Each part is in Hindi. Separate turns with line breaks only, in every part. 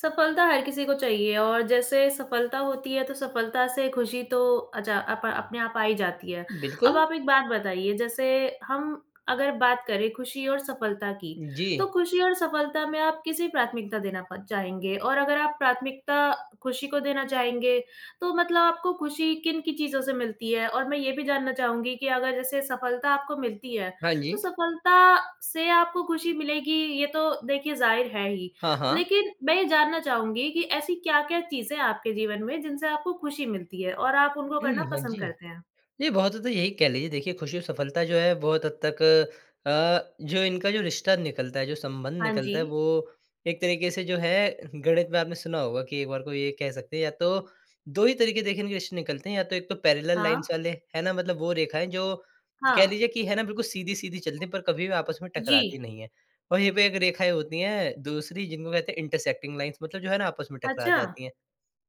सफलता हर किसी को चाहिए है और जैसे सफलता होती है तो सफलता से खुशी तो अच्छा अपा अपने आप आ ही जाती है। अब
बिल्कुल।
आप एक बात बताइए, जैसे हम अगर बात करें खुशी और सफलता की, तो
जी।
खुशी और सफलता में आप किसी प्राथमिकता देना प चाहेंगे? और अगर आप प्राथमिकता खुशी को देना चाहेंगे, तो मतलब आपको खुशी किन-किन चीज़ों से मिलती है? और मैं ये भी जानना चाहूँगी कि अगर जैसे सफलता आपको मिलती है,
हाँ
तो
जी।
सफलता से आपको खुशी मिलेगी, ये तो देखिए ज़ाहिर है ही।
हाँ, हाँ।
लेकिन मैं ये जानना चाहूँगी कि ऐसी क्या-क्या चीज़ें हैं आपके जीवन में जिनसे आपको खुशी मिलती है और आप उनको
हुँ,
करना
हुँ। हाँ
पसंद
जी,
करते हैं?
ये बहुत हद तक यही कह लीजिए देखिए खुशी और सफलता जो है बहुत हद तक अ, जो इनका जो रिश्ता निकलता है, जो संबंध
हाँ
निकलता है
जी।
वो एक तरीके से जो है गणित में आपने सुना होगा कि एक बार को ये कह सकते हैं या तो 2 ही तरीके देखिए इनके रिश्ते निकलते हैं या तो 1 तो पैरेलल लाइन्स
हाँ।
वाले, है ना? मतलब वो रेखाएँ जो कह
हाँ।
लीजिए कि है ना? बिल्कुल सीधी-सीधी चलती हैं पर कभी भी आपस में
जी।
टकराती नहीं हैं। और यहीं पे एक रेखाएँ होती हैं दूसरी जिनको कहते हैं इंटरसेक्टिंग लाइन्स मतलब जो है ना आपस में टकरा
अच्छा।
जाती हैं।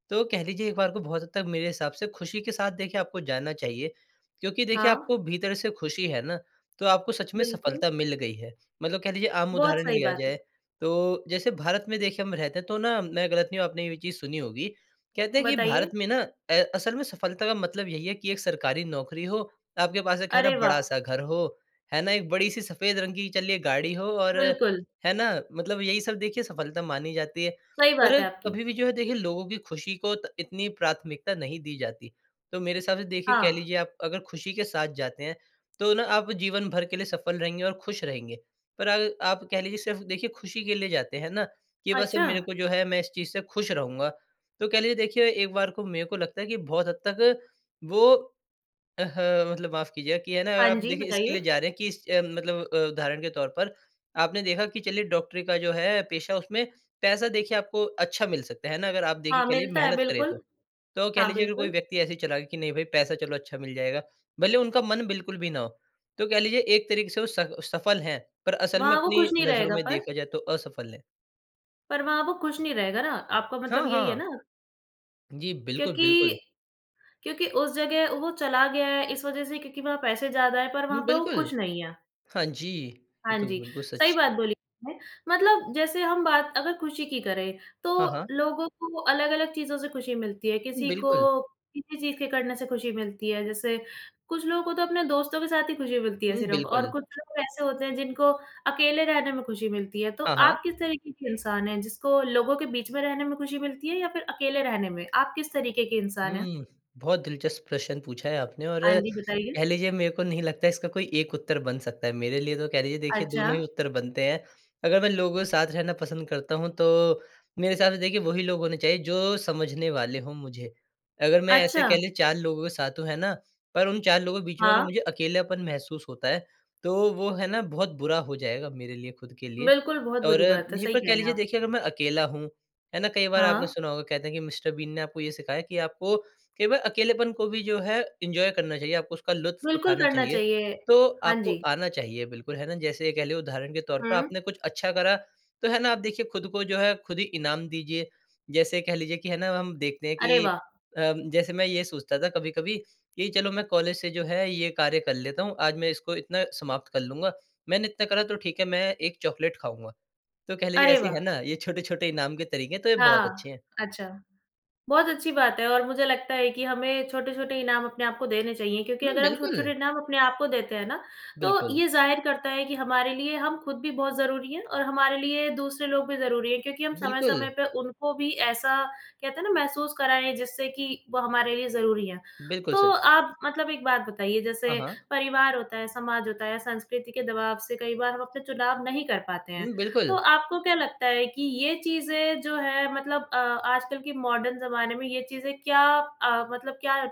तो कह लीजिए एक बार को बहुत हद तक मेरे हिसाब से खुशी के साथ देखिए आपको जाना चाहिए, क्योंकि देखिए
हाँ।
आपको भीतर से खुशी है ना, तो आपको सच में
बिल्कुल।
सफलता मिल गई है। मतलब कह लीजिए आम
बहुत
उदाहरण
सही
लिया
बात है।
जाए, तो जैसे भारत में देखिए हम रहते तो ना मैं गलत नहीं हूँ आपने ये भी चीज़ सुनी होगी, कहते हैं कि भारत
बताइए?
में ना अ, असल में सफलता का मतलब यही है कि एक सरकारी नौकरी हो, आपके पास एक है ना
अरे वाह!
बड़ा-सा घर हो, है ना? एक बड़ी-सी सफेद रंग की चलिए गाड़ी हो और
बिल्कुल।
है ना? मतलब यही सब देखिए सफलता मानी जाती है,
सही बात
पर
है आपकी।
कभी भी जो है देखिए लोगों की खुशी को त इतनी प्राथमिकता नहीं दी जाती। तो मेरे हिसाब से देखिए कह
हाँ।
लीजिए आप अगर खुशी के साथ जाते हैं, तो ना आप जीवन भर के लिए सफल रहेंगे और खुश रहेंगे, पर अर आप कह लीजिए सिर्फ देखिए खुशी के लिए जाते हैं ना, कि बस मेरे
अच्छा।
को जो है मैं इस चीज़ से खुश रहूँगा, तो कह लीजिए देखिए एक बार को मेरे को लगता है कि बहुत हद तक वो अ, ह मतलब माफ कीजिए कि है ना
हाँ
आप
जी,
देखिए इसके लिए
बताइए।
जा रहे हैं कि इस अ, मतलब अ, उदाहरण के तौर पर, आपने देखा कि चलिए डॉक्टरी का जो है पेशा उसमें पैसा देखिए आपको अच्छा मिल सकता है, है ना? अगर आप देखिए,
हाँ,
कह लीजिए
मिलता है
मेहनत करें
बिल्कुल।
तो। तो, कह
हाँ,
लीजिए अगर कोई
बिल्कुल।
व्यक्ति ऐसे ही चला गया कि नहीं भाई पैसा चलो अच्छा मिल जाएगा, भले ही उनका मन बिल्कुल भी ना हो, तो कह लीजिए एक तरीके से वो स सफल हैं, पर असल में
वहाँ वो
अपनी
खुश नहीं
नजरों
रहेगा
में
पर
देखा जाए तो असफल हैं।
पर वहाँ वो खुश नहीं रहेगा ना, आपका मतलब
हाँ,
यही है
हाँ।
ना?
जी, बिल्कुल, बिल्कुल।
क्योंकि क्योंकि उस जगह वो चला गया है, इस वजह से क्योंकि वहाँ पैसे ज़्यादा हैं, पर
हुँ,
वहाँ पे वो
बिल्कुल।
खुश नहीं है।
हाँ जी। ये
हाँ
तो
जी,
बिल्कुल
सही
सच।
बात बोली आपने। मतलब जैसे हम बात अगर खुशी की करें,
हाँ,
तो
हाँ।
लोगों को अलग-अलग चीज़ों से खुशी मिलती है। किसी
बिल्कुल।
को किसी चीज़ के करने से खुशी मिलती है। जैसे कुछ लोगों को तो अपने दोस्तों के साथ ही खुशी मिलती है
हुँ,
सिर्फ़ और
बिल्कुल।
कुछ लोग ऐसे होते हैं, जिनको अकेले रहने में खुशी मिलती है। तो
हाँ, हाँ।
आप किस तरीके के इंसान हैं, जिसको लोगों के बीच में रहने में खुशी मिलती है या फिर अकेले रहने में? आप किस तरीके के इंसान हैं?
हुँ, बहुत दिलचस्प प्रश्न पूछा है आपने और
हाँ जी, बताइए।
कह लीजिए, मेरे को नहीं लगता, इसका कोई एक उत्तर बन सकता है। मेरे लिए तो कह लीजिए, देखिए,
अच्छा।
दोनों ही उत्तर बनते हैं। अगर मैं लोगों के साथ रहना पसंद करता हूँ, तो मेरे हिसाब से, देखिए, वहीं लोग होने चाहिए, जो समझने वाले हों मुझे। अगर मैं, ऐसे
अच्छा।
कह लें, 4 लोगों के साथ हूँ, है ना? पर उन 4 लोगों के बीच में अगर
हाँ।
मुझे अकेलापन महसूस होता है, तो वो, है ना, बहुत बुरा हो जाएगा मेरे लिए, खुद के लिए।
बिल्कुल, बहुत
और
बुरी बात है,
यहीं
सही
पर
कह
कह
रहे हैं
लीजिए,
आप।
देखिए अगर मैं अकेला हूँ, है ना? कई बार आपने
हाँ।
सुना होगा, कहते हैं कि मिस्टर बीन ने आपको ये सिखाया है कि आपको केवल अकेलेपन को भी, जो है, एन्जॉय करना चाहिए, आपको उसका लुत्फ़
बिल्कुल
उठाना
करना
चाहिए।
चाहिए।
तो
हाँ
आपको
जी।
आना चाहिए, बिल्कुल, है ना? जैसे ये कह लें, उदाहरण के तौर पर,
हुँ।
आपने कुछ अच्छा करा, तो है ना, आप देखिए, खुद को जो है, खुद ही इनाम दीजिए। जैसे कह लीजिए कि है ना, हम देखते हैं
अरे,
कि
वाह!
अम, जैसे मैं ये सोचता था कभी-कभी कि, "चलो, मैं कॉलेज से जो है, ये कार्य कर लेता हूँ। आज मैं इसको इतना समाप्त कर लूँगा। मैंने इतना करा, तो ठीक है, मैं एक चॉकलेट खाऊँगा।" तो कह लीजिए,
अरे,
ऐसे है
वाह!
ना, ये छोट-छोटे इनाम के तरीके हैं, तो ये बहुत
हाँ,
अच्छे हैं।
अच्छा। बहुत अच्छी बात है और मुझे लगता है कि हमें छोट-छोटे इनाम अपने आप को देने चाहिए, क्योंकि
हुँ,
अगर हम छोट-छोटे
बिल्कुल।
इनाम अपने आप को देते हैं ना, तो
बिल्कुल।
ये ज़ाहिर करता है कि हमारे लिए हम खुद भी बहुत ज़रूरी है और हमारे लिए दूसरे लोग भी ज़रूरी हैं, क्योंकि हम
बिल्कुल।
समय-समय पे उनको भी ऐसा, कहते हैं ना, महसूस कराएँ, जिससे कि वो हमारे लिए ज़रूरी हैं।
बिल्कुल
तो
सच।
आप मतलब एक बात बताइए, जैसे
हाँ, हाँ।
परिवार होता है, समाज होता है, संस्कृति के दबाव से कई बार हम अपने चुनाव नहीं कर पाते हैं,
हुँ,
तो
बिल्कुल।
आपको क्या लगता है कि ये चीज़ें जो हैं, मतलब अ, आजकल के मॉडर्न ज़माने में ये चीज़ें क्या अ, मतलब क्या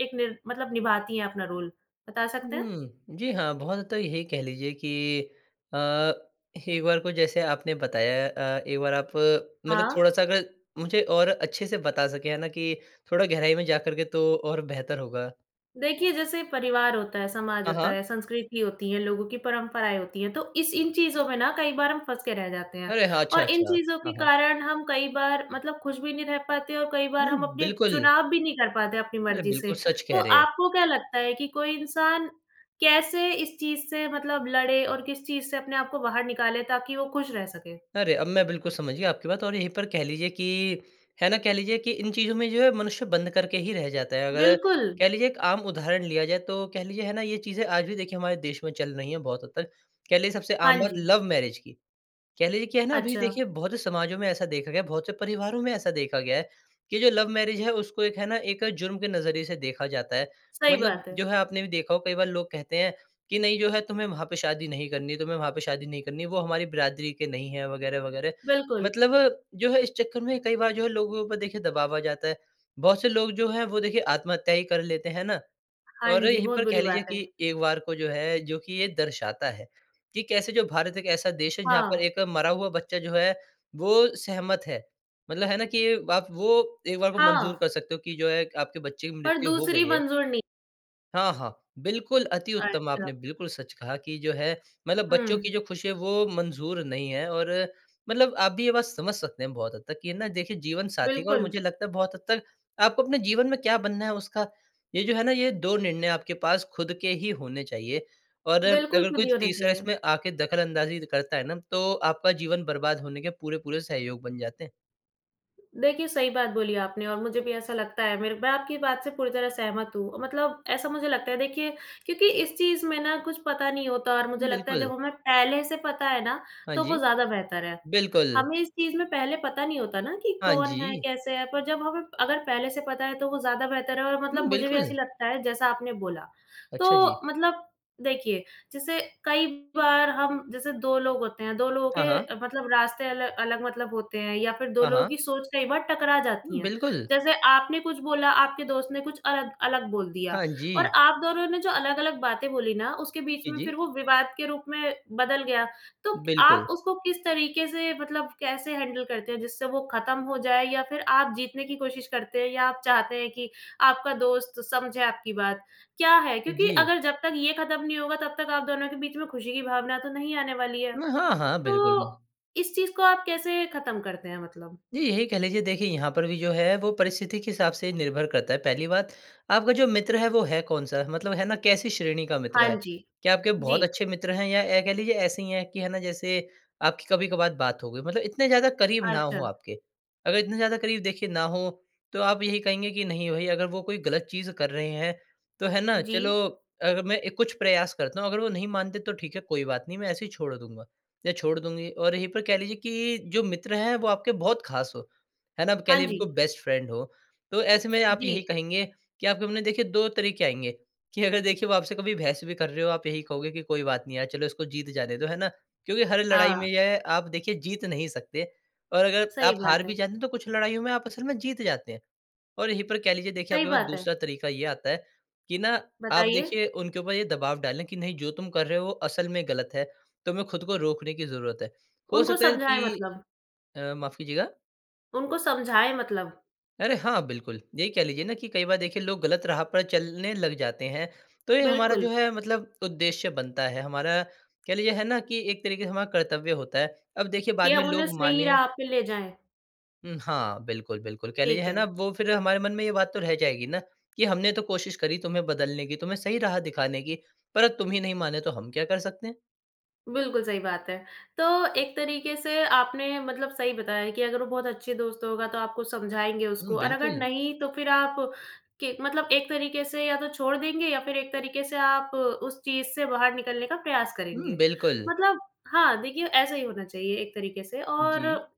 एक निर मतलब निभाती हैं अपना रोल? बता सकते हैं?
हुँ। जी हाँ, बहुत हद तक यही कह लीजिए कि अ, एक बार को जैसे आपने बताया अ, एक बार आप मतलब
हाँ।
थोड़ा-सा अगर मुझे और अच्छे से बता सकें, है ना, कि थोड़ा गहराई में जाकर के, तो और बेहतर होगा।
देखिए, जैसे परिवार होता है, समाज
हाँ,
होता
हाँ।
है, संस्कृति होती है, लोगों की परंपराएँ होती हैं, तो इस इन चीज़ों में ना कई बार हम फँस के रह जाते हैं।
अरे हाँ,
और इन
अच्छा-अच्छा।
चीज़ों
हाँ,
के
हाँ।
कारण हम कई बार मतलब खुश भी नहीं रह पाते और कई बार
हुँ,
हम अपने
बिल्कुल।
चुनाव भी नहीं कर पाते अपनी
अरे
मर्ज़ी से,
बिल्कुल सच
तो
कह रहे हैं।
आपको क्या लगता है कि कोई इंसान कैसे इस चीज़ से मतलब लड़े और किस चीज़ से अपने आप को बाहर निकाले ताकि वो खुश रह सके?
अरे, अब मैं बिल्कुल समझ गया आपकी बात और यहीं पर कह लीजिए कि, है ना? कह लीजिए कि इन चीज़ों में जो है मनुष्य बंद करके ही रह जाता है। अगर
बिल्कुल।
कह लीजिए एक आम उदाहरण लिया जाए तो कह लीजिए है ना? ये चीज़ें आज भी देखिए हमारे देश में चल रही है बहुत हद तक कह लीजिए सबसे
हाँ
आम बात
जी।
लव मैरेज की, कह लीजिए क्या है ना? अभी
अच्छा।
देखिए बहुत से समाजों में ऐसा देखा गया है बहुत से परिवारों में ऐसा देखा गया है कि जो लव मैरेज है उसको एक है ना? एक जुर्म के नज़रिए से देखा जाता है।
सही
मतलब
बात
जो
है।
है आपने भी देखा होगा कई बार लोग कहते है कि नहीं जो है तुम्हे वहाँ पे शादी नहीं करनी है, तुम्हे वहाँ पे शादी नहीं करनी है, वो हमारी बिरादरी के नहीं है वगैरह-वगैरह।
बिल्कुल।
मतलब जो है इस चक्कर में कई बार जो है लोगों के ऊपर देखिए दबाव आ जाता है। बहुत से लोग जो है वो देखिए आत्महत्या ही कर लेते है ना?
हाँ
और
जी,
यही
बहुत
पर
बुरी
कह लीजिए
बात है।
कि एक बार को जो है जो कि ये दर्शाता है, कि कैसे जो भारत एक ऐसा देश है जहाँ पर
हाँ।
एक मरा हुआ बच्चा जो है वो सहमत है, मतलब है ना? कि आप वो एक बार को मंज़ूर
हाँ।
कर सकते हो कि जो है आपके बच्चे की
पर
मृत्यु हो
दूसरी
गई है।
मंजूर नहीं
हाँ, हाँ। बिल्कुल, अति उत्तम
अच्छा।
आपने बिल्कुल सच कहा कि जो है मतलब बच्चों
हुँ।
की जो ख़ुशी है वो मंज़ूर नहीं है और मतलब आप भी ये बात समझ सकते हैं बहुत हद तक कि ना देखिए जीवन साथी का और
बिल्कुल।
मुझे लगता है बहुत हद तक आपको अपने जीवन में क्या बनना है उसका, ये जो है ना ये 2 निर्णय आपके पास ख़ुद के ही होने चाहिए। और
बिल्कुल,
अगर कोई
खुद ही होने
तीसरा
चाहिए।
इसमें आके दखलअंदाज़ी करता है ना। तो आपका जीवन बर्बाद होने के पूरे-पूरे सहयोग बन जाते हैं।
देखिए, सही बात बोली आपने और मुझे भी ऐसा लगता है मेरे मैं आपकी बात से पूरी तरह सहमत हूँ। मतलब ऐसा मुझे लगता है देखिए क्योंकि इस चीज़ में ना कुछ पता नहीं होता और मुझे लगता है
बिल्कुल।
जब हमें पहले से पता है ना,
हाँ
तो वो
जी।
ज़्यादा बेहतर है।
बिल्कुल।
हमें इस चीज़ में पहले पता नहीं होता ना कि
हाँ
कौन है,
जी।
कैसे है? पर जब हमें अगर पहले से पता है तो वो ज़्यादा बेहतर है और
हुँ,
मतलब मुझे भी
बिल्कुल।
ऐसा लगता है जैसा आपने बोला।
अच्छा जी।
तो मतलब देखिए, जैसे कई बार हम जैसे 2 लोग होते हैं, 2 लोगों
हाँ, हाँ।
के मतलब रास्ते अलग अलग मतलब होते हैं या फ़िर 2
हाँ,
लोगों
हाँ।
की सोच कई बार टकरा जाती
हुँ,
है।
बिल्कुल।
जैसे आपने कुछ बोला, आपके दोस्त ने कुछ अलग अलग बोल दिया
हाँ
और
जी।
आप दोनों ने जो अलग-अलग बातें बोली ना उसके बीच
जी,
में
जी।
फ़िर वो विवाद के रूप में बदल गया। तो आप
बिल्कुल।
उसको किस तरीके से, मतलब कैसे हैंडल करते हैं? जिससे वो ख़त्म हो जाए या फ़िर आप जीतने की कोशिश करते हैं या आप चाहते हैं कि आपका दोस्त समझे आपकी बात, क्या है? क्योंकि
जी।
अगर जब तक ये ख़त्म नहीं होगा तब तक आप दोनों के बीच में ख़ुशी की भावना तो नहीं आने वाली है।
उम, हाँ, हाँ। बिल्कुल।
तो इस चीज़ को आप कैसे ख़त्म करते हैं मतलब?
जी, यही कह लीजिए देखिए यहाँ पर भी जो है वो परिस्थिति के हिसाब से निर्भर करता है। पहली बात आपका जो मित्र है वो है कौन-सा? मतलब है ना, कैसी श्रेणी का मित्र
हाँ
है?
जी।
क्या आपके बहुत
जी।
अच्छे मित्र हैं या ए, कह लीजिए ऐसे ही है कि है ना जैसे आपकी कभी-कभार बात हो गई, मतलब इतने ज़्यादा करीब ना हो
अच्छा।
आपके। अगर इतने ज़्यादा करीब देखिए ना हो, तो आप यही कहेंगे कि नहीं भई अगर वो कोई गलत चीज़ कर रहे हैं, तो है ना चलो
जी।
अगर मैं कुछ प्रयास करता हूँ, अगर वो नहीं मानते तो ठीक है कोई बात नहीं मैं ऐसे ही छोड़ दूँगा या छोड़ दूँगी। और यही पर कह लीजिए कि जो मित्र है वो आपके बहुत ख़ास हो, है ना? कह
हाँ
लीजिए
जी।
बिल्कुल, बेस्ट फ्रेंड हो। तो ऐसे में आप
जी।
यही कहेंगे कि आपके मन में देखिए 2 तरीके आएँगे कि अगर देखिए, वो आपसे कभी बहस भी कर रहे हो आप यही कहोगे कि कोई बात नहीं यार चलो इसको जीत जाने दो, है ना? क्योंकि हर लड़ाई में
हाँ।
यह आप देखिए जीत नहीं सकते और अगर
सही
आप हार
बात
भी
है।
जाते हैं, तो कुछ लड़ाइयों में आप असल में जीत जाते हैं। और यहीं पर कह लीजिए देखिए,
सही
आपके पास
बात है।
दूसरा तरीका ये आता है कि ना आप
बताइए?
देखिए उनके ऊपर ये दबाव डालें कि नहीं जो तुम कर रहे हो, वो असल में गलत है तुम्हें खुद को रोकने की ज़रूरत है। हो
उनको
सकता है
समझाएँ
कि
मतलब।
अ, माफ़ कीजिएगा।
उनको समझाएँ मतलब।
अरे! हाँ, बिल्कुल। यही कह लीजिए ना, कि कई बार देखिए, लोग गलत राह पर चलने लग जाते हैं। तो ये हमारा जो
बिल्कुल।
है, मतलब उद्देश्य बनता है, हमारा, कह लीजिए, है ना कि एक तरीके से हमारा कर्तव्य होता है। अब देखिए,
कि
बाद में
हम उन्हें
लोग
सही
मानें
राह पे ले जाएँ।
उम, हाँ, बिल्कुल, बिल्कुल। कह लीजिए
ठीक
है ना,
है।
वो फिर हमारे मन में ये बात तो रह जाएगी ना, कि, "हमने तो कोशिश करी तुम्हें बदलने की, तुम्हें सही राह दिखाने की, पर अब तुम ही नहीं माने, तो हम क्या कर सकते हैं?"
बिल्कुल सही बात है। तो एक तरीके से आपने मतलब सही बताया कि अगर वो बहुत अच्छे दोस्त होगा, तो आपको समझाएँगे
हुँ,
उसको और अगर
बिल्कुल।
नहीं तो फिर आप, कि मतलब एक तरीके से या तो छोड़ देंगे या फिर एक तरीके से आप उस चीज़ से बाहर निकलने का प्रयास
हुँ,
करेंगे।
बिल्कुल।
मतलब हाँ, देखिए, ऐसा ही होना चाहिए, एक तरीके से
जी।
और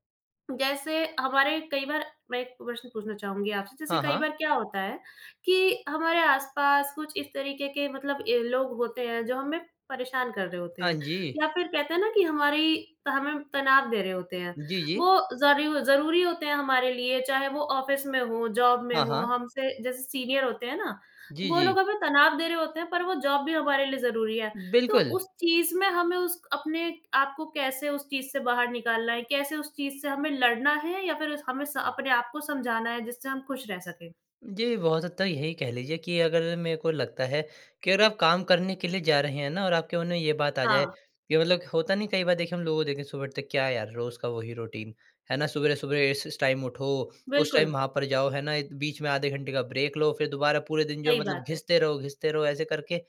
जैसे हमारे कई बार मैं एक प्रश्न पूछना चाहूँगी आपसे। जैसे
हाँ,
कई
हाँ।
बार क्या होता है कि हमारे आस-पास कुछ इस तरीके के मतलब ए, लोग होते हैं, जो हमें परेशान कर रहे होते
हाँ
हैं, या
जी।
फिर कहते हैं ना कि हमारी त हमें तनाव दे रहे होते हैं।
जी, जी।
वो ज़रू ज़रूरी होते हैं हमारे लिए, चाहे वो ऑफ़िस में हो, जॉब में
हाँ,
हो,
हाँ।
हमसे जैसे सीनियर होते हैं ना,
जी,
वो
जी।
लोग हमें तनाव दे रहे होते हैं, पर वो जॉब भी हमारे लिए ज़रूरी है। तो
बिल्कुल।
उस चीज़ में हमें उस क अपने आपको कैसे उस चीज़ से बाहर निकालना है? कैसे उस चीज़ से हमें लड़ना है या फिर उस हमें स अपने आपको समझाना है, जिससे हम खुश रह सकें?
जी, बहुत हद तक यही कह लीजिए कि अगर मेरे को लगता है कि अगर आप काम करने के लिए जा रहे हैं ना और आपके मन में ये बात आ जाए,
हाँ।
कि मतलब होता नहीं कई बार देखे हम लोगों को देखे सुबह उठते ही क्या यार रोज़ का वही रूटीन है ना? सवेरे-सवेरे इस इस टाइम उठो, उस टाइम
बिल्कुल।
वहाँ पर जाओ है ना, एक बीच में आधे घंटे का ब्रेक लो, फ़िर दोबारा पूरे दिन जो
सही
मतलब
बात है।
घिसते रहो घिसते रहो ऐसे करके।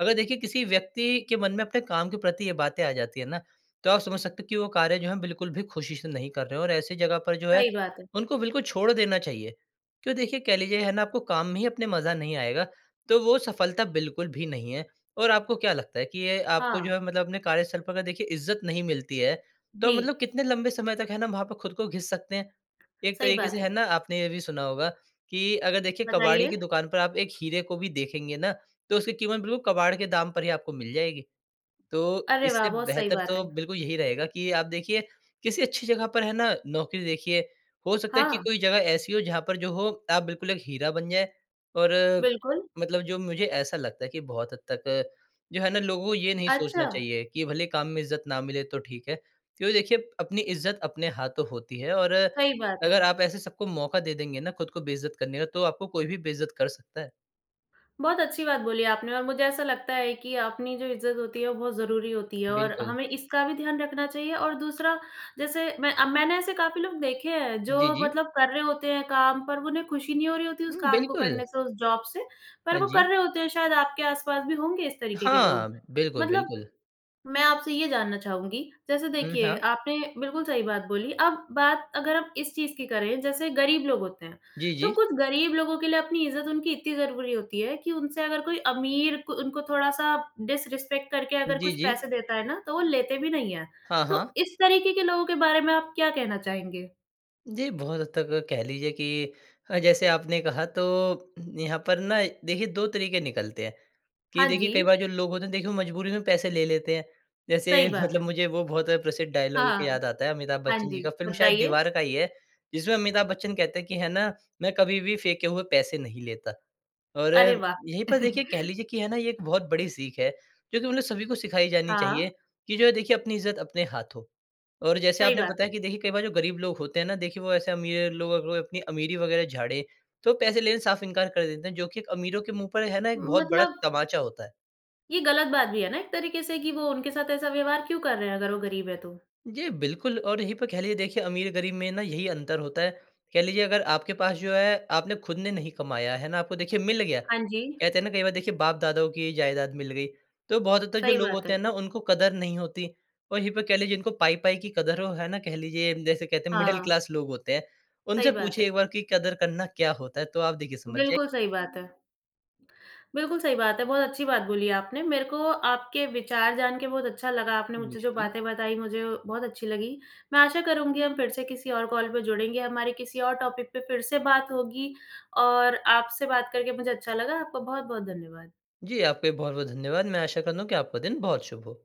अगर देखिए किसी व्यक्ति के मन में अपने काम के प्रति ये बातें आ जाती है ना, तो आप समझ सकते हो कि वो कार्य जो है बिल्कुल भी ख़ुशी से नहीं कर रहे और ऐसी जगह पर जो है
सही बात है।
उनको बिल्कुल छोड़ देना चाहिए। क्यों देखिए, कह लीजिए है ना आपको काम में ही अपने मज़ा नहीं आएगा तो वो सफलता बिल्कुल भी नहीं है। और आपको क्या लगता है कि ये आपको जो
हाँ।
है मतलब अपने कार्यस्थल पर अगर देखिए इज़्ज़त नहीं मिलती है तो मतलब
जी।
कितने लंबे समय तक है ना, वहाँ पे खुद को घिस सकते हैं, एक
सही
तरीके
बात
से है
है।
ना। आपने ये भी सुना होगा कि अगर देखिए कबाड़ी
बताइए।
की दुकान पर आप एक हीरे को भी देखेंगे ना तो उसकी कीमत बिल्कुल कबाड़ के दाम पर ही आपको मिल जाएगी। तो
अरे वाह!
इससे
बहुत सही
बेहतर
बात
तो
है।
बिल्कुल यही रहेगा कि आप देखिए किसी अच्छी जगह पर है ना नौकरी देखिए, हो सकता है कि
हाँ।
कोई जगह ऐसी हो जहाँ पर जो हो आप बिल्कुल एक हीरा बन जाए। और
बिल्कुल।
मतलब जो मुझे ऐसा लगता है कि बहुत हद तक जो है ना लोगों ये नहीं
अच्छा।
सोचना चाहिए कि भले ही काम में इज़्ज़त ना मिले तो ठीक है। क्योंकि देखिए अपनी इज़्ज़त अपने हाथों होती है और
सही बात
अगर
है।
आप ऐसे सबको मौका दे देंगे ना खुद को बेइज़्ज़त करने का, तो आपको कोई भी बेइज़्ज़त कर सकता है।
बहुत अच्छी बात बोली आपने और मुझे ऐसा लगता है कि अपनी जो इज़्ज़त होती है वो बहुत ज़रूरी होती है और
बिल्कुल।
हमें इसका भी ध्यान रखना चाहिए और दूसरा जैसे मैं अ, मैंने ऐसे काफ़ी लोग देखे हैं
जी,
जो
जी।
मतलब कर रहे होते हैं काम पर वो उन्हें खुशी नहीं हो रही होती उस
हुँ,
काम को
बिल्कुल।
करने से उस जॉब से, पर
हाँ
वो कर
जी।
रहे होते हैं शायद आपके आस-पास भी होंगे इस तरीके के
हाँ।
लोग।
बिल्कुल,
मतलब
बिल्कुल।
मैं आपसे ये जानना चाहूँगी जैसे
उम,
देखिए
हाँ।
आपने बिल्कुल सही बात बोली अब बात अगर हम इस चीज़ की करें जैसे गरीब लोग होते हैं।
जी,
तो
जी।
कुछ गरीब लोगों के लिए अपनी इज़्ज़त उनकी इतनी ज़रूरी होती है कि उनसे अगर कोई अमीर क उनको थोड़ा-सा डिसरेस्पेक्ट करके अगर
जी,
कुछ
जी।
पैसे देता है ना तो वो लेते भी नहीं हैं।
हाँ,
तो
हाँ।
इस तरीके के लोगों के बारे में आप क्या कहना चाहेंगे?
जी, बहुत हद तक कह लीजिए कि अ, जैसे आपने कहा तो यहाँ पर ना देखिए 2 तरीके निकलते हैं कि
हाँ
देखिए कई
जी
बार जो लोग होते हैं देखिए वो मजबूरी में पैसे ले लेते हैं। जैसे
सही बात
मतलब
है।
मुझे वो बहुत प्रसिद्ध डायलॉग एक
हाँ।
याद आता है अमिताभ
हाँ
बच्चन जी
जी,
का, फिल्म शायद
बताइए?
दीवार का ही है जिसमें अमिताभ बच्चन कहते कि है ना "मैं कभी भी फेंके हुए पैसे नहीं लेता।" और
अरे वाह!
यही पर देखिए कह लीजिए कि है ना ये एक बहुत बड़ी सीख है क्योंकि उन्हें सभी को सिखाई जानी चाहिए
हाँ।
कि जो है देखिए अपनी इज़्ज़त अपने हाथों। और जैसे
सही
आपने
बात
बताया
है।
कि देखिए कई बार जो गरीब लोग होते हैं ना देखिए वो ऐसे अमीर लोग अगर अपनी अमीरी वग़ैरह झाड़े तो पैसे लेने साफ इंकार कर देते हैं जो कि एक अमीरों के मुँह पर है ना एक बहुत बड़ा
मतलब
तमाचा होता है।
ये गलत बात भी है ना एक तरीके से कि वो उनके साथ ऐसा व्यवहार क्यों कर रहे हैं अगर वो गरीब है तो?
जी बिल्कुल, और यहीं पर कह लीजिए देखिए अमीर-गरीब में ना यही अंतर होता है। कह लीजिए अगर आपके पास जो है आपने खुद ने नहीं कमाया है ना आपको देखिए मिल गया।
हाँ जी।
कहते है ना कई बार देखिए बाप दादाओं की जायदाद मिल गई तो बहुत हद तक जो
सही
लोग
बात
होते हैं
है।
ना उनको कदर नहीं होती। और यहीं पे कह लीजिए इनको पाई-पाई की कदर वो है ना कह लीजिए जैसे कहते हैं मिडल
हाँ।
क्लास लोग होते हैं
सही
उनसे
बात है।
पूछिए एक बार की कदर करना क्या होता है? तो आप देखिए समझ जे
बिल्कुल सही बात है। बिल्कुल सही बात है, बहुत अच्छी बात बोली आपने, मेरे को आपके विचार जान के बहुत अच्छा लगा आपने मुझसे
मुझे
जो
भी।
बातें बताई मुझे बहुत अच्छी लगी। मैं आशा करूँगी हम फिर से किसी और कॉल पे जुड़ेंगे हमारी किसी और टॉपिक पे फिर से बात होगी और आपसे बात करके मुझे अच्छा लगा आपका बहुत-बहुत धन्यवाद।
जी, आपका भी बहुत-बहुत धन्यवाद, मैं आशा करता हुँ कि आपका दिन बहुत शुभ हो।